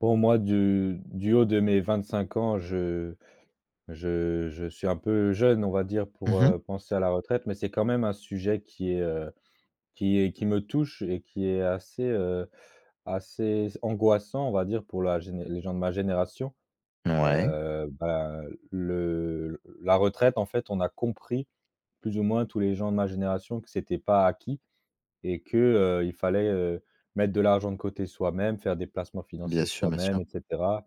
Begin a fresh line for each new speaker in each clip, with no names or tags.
Pour moi, du du haut de mes 25 ans, je je je suis un peu jeune, on va dire, pour,
Mmh mh.
heu, penser à la retraite, mais c'est quand même un sujet qui est, heu, qui est, qui me touche et qui est assez, heu, assez angoissant, on va dire pour la géné pour les gens de ma génération.
Ouais.
Heu, ben, le la retraite, en fait, on a compris, plus ou moins, tous les gens de ma génération que c'était pas acquis et que, heu, il fallait, heu, mettre de l'argent de côté soi-même, faire des placements
Bien
financiers
sûr, bien
soi-même,
sûr.
et cetera,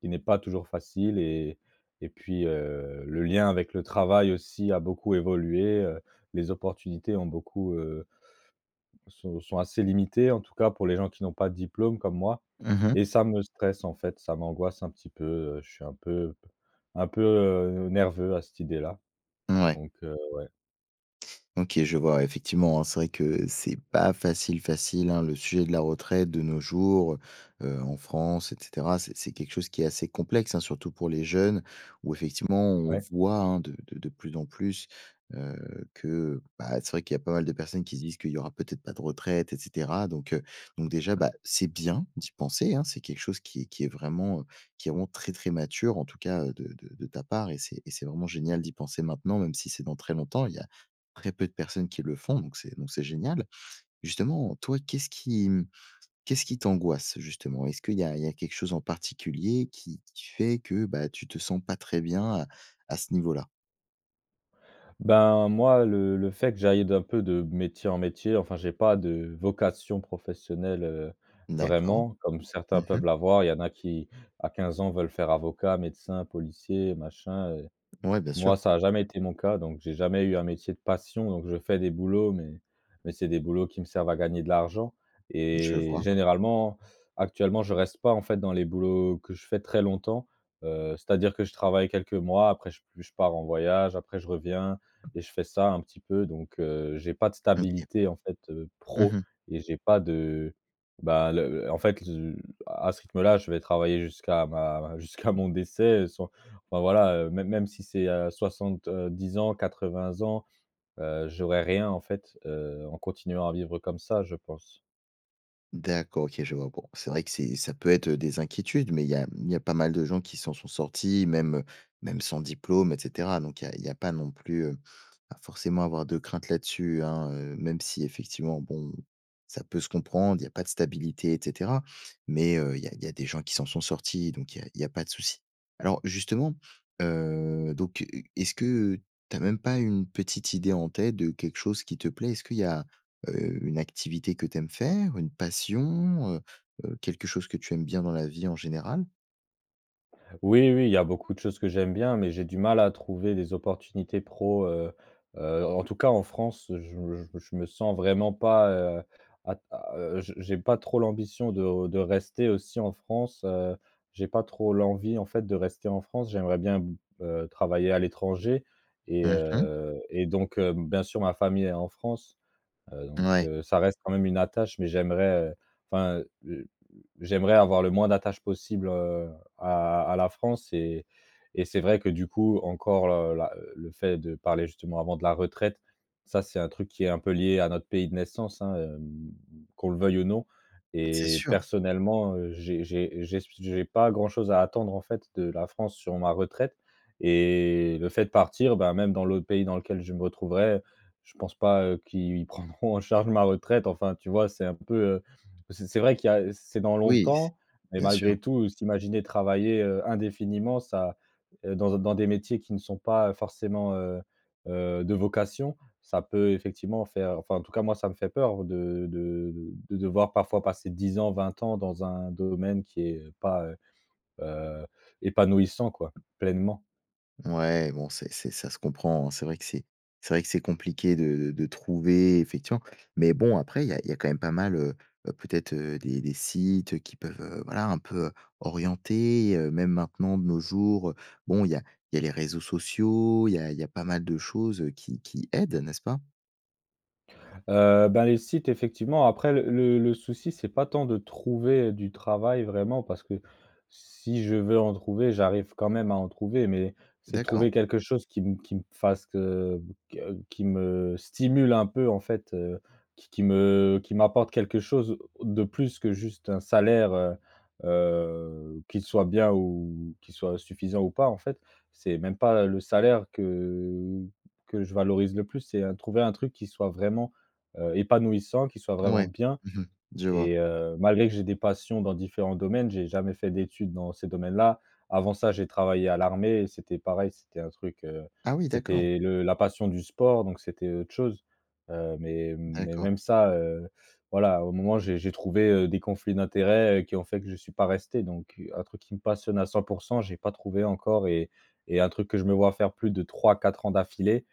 qui n'est pas toujours facile e t et puis, heu, le lien avec le travail aussi a beaucoup évolué, heu, les opportunités ont beaucoup, heu sont, sont assez limitées en tout cas pour les gens qui n'ont pas de diplôme comme moi
Mmh mh.
et ça me stresse en fait, ça m'angoisse un petit peu, heu. Je suis un peu p un peu, heu, nerveux à cette idée-là
Mouais.
donc heu, ouais.
OK. Je vois, ouais, effectivement hein, c'est vrai que c'est pas facile, facile, hein, le sujet de la retraite de nos jours, heu, heu, en France et cetera. C'est c'est quelque chose qui est assez complexe, hein, surtout pour les jeunes, où effectivement, on
Ouais.
voit, hein de de de plus en plus, heu, que, ben, c'est vrai qu'il y a pas mal de personnes qui se disent, qu'il y aura peut-être pas de retraite, et cetera donc heu, donc déjà, bah, c'est bien, d'y penser, hein. C'est quelque chose qui qui est vraiment, heu, qui est vraiment très très mature, en tout cas, heu, de de de ta part et c'est et c'est vraiment génial d'y penser maintenant, même si c'est dans très longtemps. Il y a, très peu de personnes qui le font, donc c'est donc c'est génial. Justement, toi, qu'est-ce qui, mmh, qu'est-ce qui t'angoisse justement? Est-ce qu'il y a, il y a quelque chose en particulier qui qui fait que, bah, tu te sens pas très bien à à ce niveau-là?
Ben, moi, le le fait que j'aille d'un peu, de métier en métier, enfin, j'ai pas de vocation professionnelle, heu,
D'accord.
vraiment, comme
Mmh
certains
mh.
peuvent l'avoir. Il y en a qui à 15 ans veulent faire avocat, médecin, policier, machin, heu.
Ouais, bien
Moi,
sûr.
ça a jamais été mon cas, donc j'ai jamais eu un métier de passion, donc je fais des boulots, mais mais c'est des boulots qui me servent à gagner de l'argent
Je
et
vois.
généralement actuellement je reste pas, en fait dans les boulots que je fais très longtemps. Heu, c'est-à-dire que je travaille quelques mois, après je p je pars en voyage, après je reviens et je fais ça un petit peu, donc heu, j'ai pas de
OK.
stabilité en fait, heu,
Mmh
pro
mh.
et j'ai pas de, bah, le le en fait, heu, à ce rythme-là, je vais travailler jusqu'à ma ma jusqu'à mon décès, heu, sans enfin voilà, heu, même même si c'est, heu, 70 ans, 80 ans, heu, j'aurais rien en fait, heu, en continuant à vivre comme ça, je pense.
D'accord, OK, je vois. Bon c'est vrai que c'est ça peut être, heu, des inquiétudes, mais il y a, hem, il y a pas mal de gens qui s'en sont sortis même, heu, même sans diplôme et cetera. Donc il y a il y a pas non plus, heu, à forcément avoir de crainte là-dessus, hein, heu, même si effectivement bon, ça peut se comprendre, il y a pas de stabilité et cetera. Mais heu, il y a il y a des gens qui s'en sont sortis, donc il y a il y a pas de souci. Alors justement, heu, donc heu heu, est-ce que, heu, tu as même pas une petite idée en tête de quelque chose qui te plaît? Est-ce qu'il y a, heu, une activité que tu aimes faire? Une passion, heu heu, quelque chose que tu aimes bien dans la vie, en général?
Oui, oui, il y a beaucoup de choses que j'aime bien mais j'ai du mal à trouver les opportunités pro, heu heu, en en tout cas en France. Je me je me je me sens vraiment pas, heu, à t à, heu je j'ai pas trop l'ambition de de rester aussi en France, heu, j'ai pas trop l'envie en fait de rester en France. J'aimerais bien b heu, travailler à l'étranger et
Mmh mh.
heu et donc heu, bien sûr ma famille est en France, heu, donc
Mouais.
heu, ça reste quand même une attache mais j'aimerais, heu, enfin, heu heu heu, j'aimerais avoir le moins d'attache possible, heu, à à la France, et et c'est vrai que du coup, encore l heu, là heu, le fait de parler justement avant de la retraite. Ça c'est un truc qui est un peu lié à notre pays de naissance, hein, hem, qu'on le veuille ou non
C'est
et
sûr.
personnellement, heu, j'ai j'ai j'ai s p s j'ai pas grand-chose à attendre en fait de la France sur ma retraite et le fait de partir, bah, même dans l'autre pays dans lequel je me retrouverai, je pense pas, heu, qu'ils prendront en charge ma retraite, enfin, tu vois? C'est un peu, heu c'est c'est vrai qu'il y a, heu c'est dans
Oui c'est
longtemps, mais
bien sûr.
malgré tout, s'imaginer travailler, heu, indéfiniment ça dans un dans des métiers qui ne sont pas, heu, forcément, heu heu, de vocation. Ça peut effectivement faire, enfin en tout cas moi ça me fait peur. De de de de devoir parfois passer 10 ans, 20 ans dans un domaine qui est, heu, pas, heu heu, épanouissant quoi, pleinement.
Ouais, bon, c'est c'est, ça se comprend, hein. C'est vrai que c'est c'est vrai que c'est compliqué de de de trouver, effectivement, mais bon, après il y a il y a quand même pas mal, heu, peut-être, heu, des des sites, heu, qui peuvent, heu, voilà un peu, heu, orienter, heu, même maintenant de nos jours, heu. Bon, il y a il y a les réseaux sociaux, il y a il y a pas mal de choses, heu, qui qui aident, n'est-ce pas?
Heu, ben, les sites effectivement. Après le le le souci c'est pas tant de trouver, heu, du travail. Vraiment, parce que si je veux en trouver, j'arrive quand même à en trouver, mais c'est de
D'accord.
trouver quelque chose qui m qui me fasse, heu, que qui me stimule un peu en fait, heu, qui qui me qui m'apporte quelque chose de plus que juste un salaire, heu heu, qu'il soit bien ou qu'il soit suffisant ou pas, en fait. C'est même pas le salaire que que je valorise le plus, c'est heu, trouver un truc qui soit vraiment, heu, épanouissant, qui soit vraiment
Mouais,
bien
mmh mh. Je vois.
et heu, malgré que j'ai des passions dans différents domaines, j'ai jamais fait d'études dans ces domaines là. Avant ça, j'ai travaillé à l'armée et c'était pareil, c'était un truc, heu,
Ah oui, d'accord.
c'était le la passion du sport, donc c'était autre chose. Heu, mais mais,
D'accord.
même ça, heu, voilà au moment où j'ai j'ai trouvé, heu, des conflits d'intérêts qui ont fait que je suis pas resté. Donc heu, un truc qui me passionne à 100 % j'ai pas trouvé encore, et et un truc que je me vois faire plus de 3-4 ans d'affilée.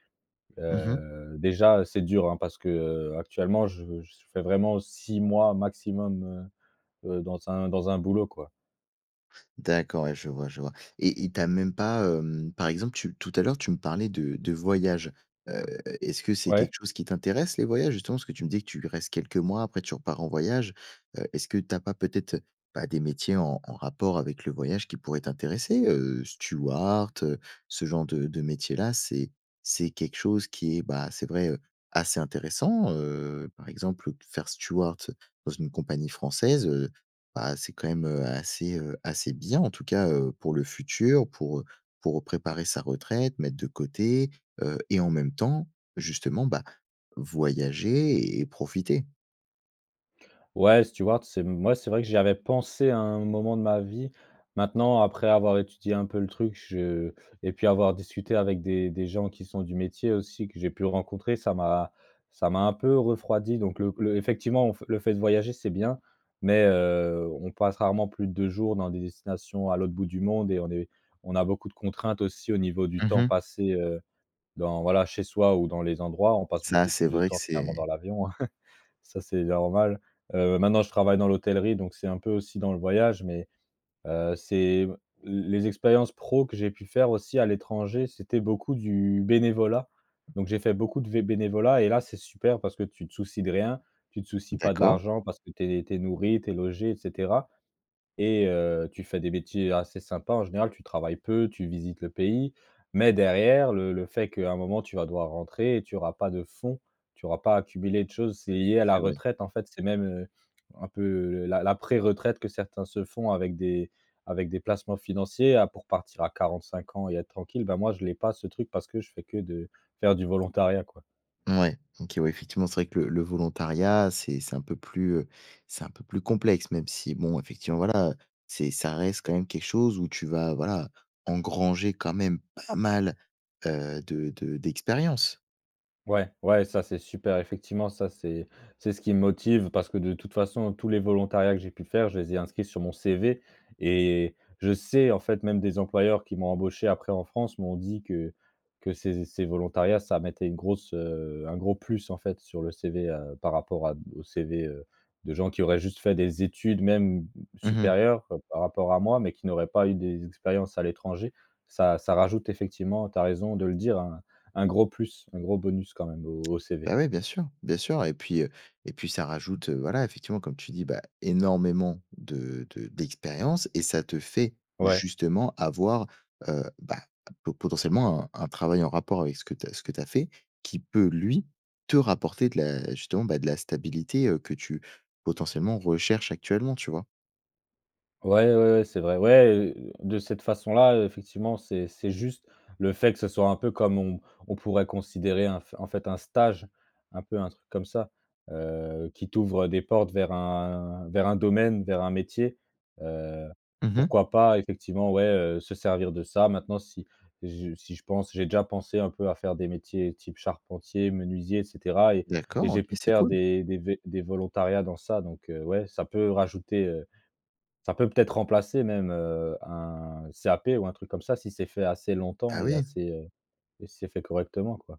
Mmh mh.
Heu, déjà, c'est dur, hein parce que, heu, actuellement je je fais vraiment 6 mois maximum, heu heu, dans un dans un boulot quoi.
D'accord ouais, je vois, je vois et il t'a même pas, hem, par exemple, tu tout à l'heure, tu me parlais de de voyage, heu, est-ce que c'est
Ouais.
quelque chose qui t'intéresse les voyages justement? Parce que tu me disais que tu restes quelques mois, après tu repars en voyage, heu, est-ce que tu as pas peut-être, heu, bah, des métiers en en rapport avec le voyage qui pourrait t'intéresser? Heu, Steward, heu, ce genre de de métier-là, c'est c'est quelque chose qui est, bah, c'est vrai, heu, assez intéressant, heu, par exemple, heu, faire steward dans une compagnie française, heu ben c'est quand même, heu, assez, heu, assez bien en tout cas, heu, pour le futur, pour, heu pour préparer sa retraite, mettre de côté, heu et en même temps, justement, bah, voyager et profiter.
Ouais, steward, c'est, mmh, ouais c'est vrai que j'y avais pensé à un moment de ma vie. Maintenant, après avoir étudié un peu le truc, je et puis avoir discuté avec des des gens qui sont du métier aussi, que j'ai pu rencontrer, ça m'a ça m'a un peu refroidi. Donc le le effectivement, f le fait de voyager, c'est bien, mais, heu, on passe rarement plus de 2 jours dans des destinations à l'autre bout du monde et on est on a beaucoup de contraintes aussi au niveau du
Mmh
temps
mh.
passé, heu, dans voilà chez soi ou dans les endroits. On passe
Ça
beaucoup
c'est
plus de
vrai que
temps clairement dans
c'est
l'avion, hein. Ça, c'est normal, heu, maintenant, je travaille dans l'hôtellerie, donc c'est un peu aussi dans le voyage, mais, heu, c'est, l les expériences pro que j'ai pu faire aussi à l'étranger, c'était beaucoup du bénévolat. Donc, j'ai fait beaucoup de v bénévolat et là, c'est super parce que tu te soucies de rien, tu te soucies pas de
D'accord.
l'argent parce que tu es tu es nourri, tu es logé et cetera et heu, tu fais des métiers assez sympa. En général, tu travailles peu, tu visites le pays, mais derrière le le fait qu'à un moment, tu vas devoir rentrer, tu auras pas de fonds, tu auras pas accumulé de choses. C'est lié
Ah
à la
c'est vrai.
retraite en fait, c'est même, heu, un peu, heu, la la préretraite que certains se font avec des avec des placements financiers à pour partir à 45 ans et être tranquille. Ben moi, je l'ai pas ce truc parce que je fais que de faire du volontariat, quoi.
Mouais, OK ouais, effectivement c'est vrai que le le volontariat, c'est c'est un peu plus, heu, c'est un peu plus complexe, même si bon effectivement, voilà, heu, c'est ça reste quand même quelque chose où tu vas, voilà, engranger quand même pas mal, heu, de de d'expérience!
Ouais, ouais, ça, c'est super effectivement. Ça, c'est c'est ce qui me motive parce que, de toute façon, heu, tous les volontariats que j'ai pu faire, je les ai inscrits sur mon CV et je sais, en fait, même des employeurs qui m'ont embauché après en France m'ont dit que que ces z ces volontariats, ça mettait une grosse heu, un gros plus, en fait, sur le CV, heu, par rapport à d aux CV, heu, de gens qui auraient juste fait des études, même, mmh,
Mmh mh.
supérieures, heu, par rapport à moi, mais qui n'auraient pas eu des expériences à l'étranger. Ça ça rajoute effectivement, tu as raison de le dire, hein, un gros plus, un gros bonus quand même au au CV.
Bah ouais, bien sûr, bien sûr, et puis, heu et puis ça rajoute, heu, voilà, effectivement comme tu dis, bah, énormément de de d'expérience et ça te fait
Ouais.
justement avoir, heu bah, p po potentiellement un un travail en rapport avec ce que tu as ce que tu as fait, qui peut lui te rapporter de la justement, bah, de la stabilité, heu, que tu potentiellement recherches actuellement, tu vois?
Ouais, ouais, ouais, c'est vrai. Ouais, heu, de cette façon-là, heu, effectivement, c'est c'est juste le fait que ce soit un peu comme on on pourrait considérer un f en fait, un stage, un peu un truc comme ça, heu, qui t'ouvre des portes vers un vers un domaine, vers un métier. Heu,
Mmh mh.
pourquoi pas effectivement, ouais, heu, se servir de ça. Maintenant, si j si je pense j'ai déjà pensé un peu à faire des métiers type charpentier, menuisier et cetera et et
D'accord,
j'ai
OK
pu
c'est
faire
cool.
des des vé des volontariats dans ça. Donc heu, ouais, ça peut, heu, rajouter, heu. Ça peut peut-être remplacer même, heu, un CAP ou un truc comme ça, si c'est fait assez longtemps
Ah
et
oui.
assez, heu et si c'est fait correctement, quoi.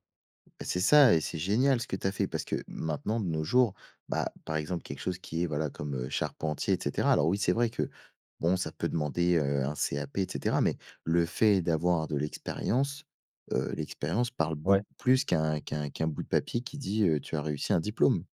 Et c'est ça et c'est génial ce que tu as fait parce que, maintenant de nos jours, bah, par exemple, quelque chose qui est, voilà, comme, heu, charpentier, et cetera. Alors oui, c'est vrai que bon, ça peut demander, heu, un CAP, et cetera. Mais le fait d'avoir de l'expérience, heu, l'expérience parle
Ouais.
beaucoup plus qu'un qu'un qu'un bout de papier qui dit, heu, tu as réussi un diplôme.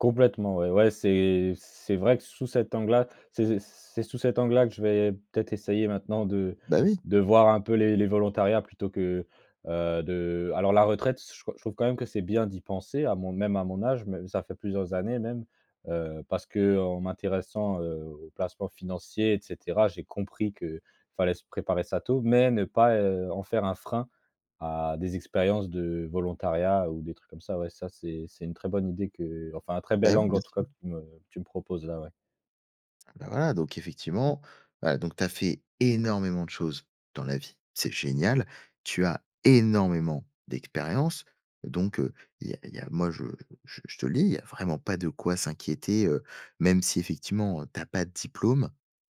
Complètement, ouais. Ouais, c'est c c'est vrai que, sous cet angle-là, c'est z c c'est sous cet angle-là que je vais peut-être essayer maintenant de
Bah, oui!
de voir un peu les les volontariats plutôt que, heu, de alors la retraite, s ch je trouve quand même que c'est bien d'y penser à mon même à mon âge, mais ça fait plusieurs années même, heu, parce qu'en m'intéressant, heu, aux placements financiers et cetera, j'ai compris que fallait se préparer ça tôt. Mais ne pas, heu, en faire un frein à des expériences de volontariat ou des trucs comme ça, ouais, ça c'est c'est une très bonne idée que, heu, enfin un très bel
Bah, oui,
angle en
bien
tout cas
sûr!
que tu me, heu, tu me proposes là, ouais.
Ah bah, voilà, donc effectivement, bah, donc tu as fait énormément de choses dans la vie, c'est génial, tu as énormément d'expérience. Donc heu, il y a il y a moi, je je je te le dis, il y a vraiment pas de quoi s'inquiéter, heu, même si effectivement, heu, tu as pas de diplôme,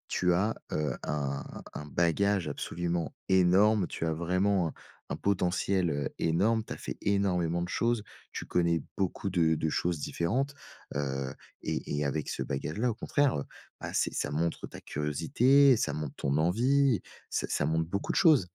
tu as, heu, un un bagage absolument énorme, tu as vraiment un un potentiel, heu, énorme, tu as fait énormément de choses, tu connais beaucoup de de choses différentes, heu et et avec ce bagage-là, au contraire, heu, bah, c'est ça montre ta curiosité, ça montre ton envie, ç ça montre beaucoup de choses.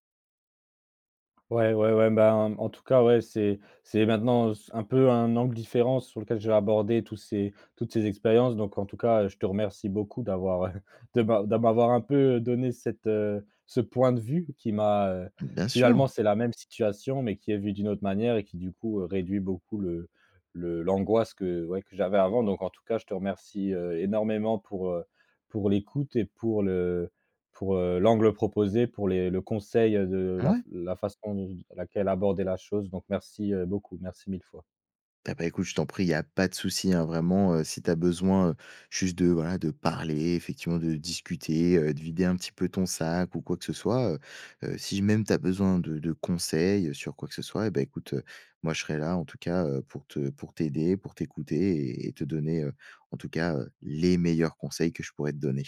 Ouais, ouais, ouais, ben, mmh, en tout cas, ouais, c'est c'est maintenant, heu, s un peu un angle différent sur lequel je vais aborder tout ces toutes ces expériences. Donc, en tout cas, heu, je te remercie beaucoup d'avoir, heu, de m'a d'a m'avoir un peu, heu, donné cette, heu, ce point de vue qui m'a, heu
Bien sûr.
finalement, c'est la même situation, mais qui est vue d'une autre manière et qui, du coup, heu, réduit beaucoup le le l'angoisse que, ouais, que j'avais avant. Donc en tout cas, je te remercie, heu, énormément pour, heu, pour l'écoute et pour le, heu, pour, heu, l'angle proposé, pour les le conseil, heu, de, heu, la f
Mouais.
la façon dont laquelle aborder la chose. Donc merci, heu, beaucoup, merci 1 000 fois.
Eh bah, écoute je t'en prie, il y a pas de souci, hein, vraiment, heu, si tu as besoin, heu, juste de, voilà, de parler, effectivement, de discuter, heu, de vider un petit peu ton sac ou quoi que ce soit, heu heu, si même tu as besoin de de conseils, heu, sur quoi que ce soit. Et bah, écoute, heu, moi, je serai là, en tout cas, heu, pour te pour t'aider, pour t'écouter et et te donner, heu, en tout cas, heu, les meilleurs conseils que je pourrais te donner.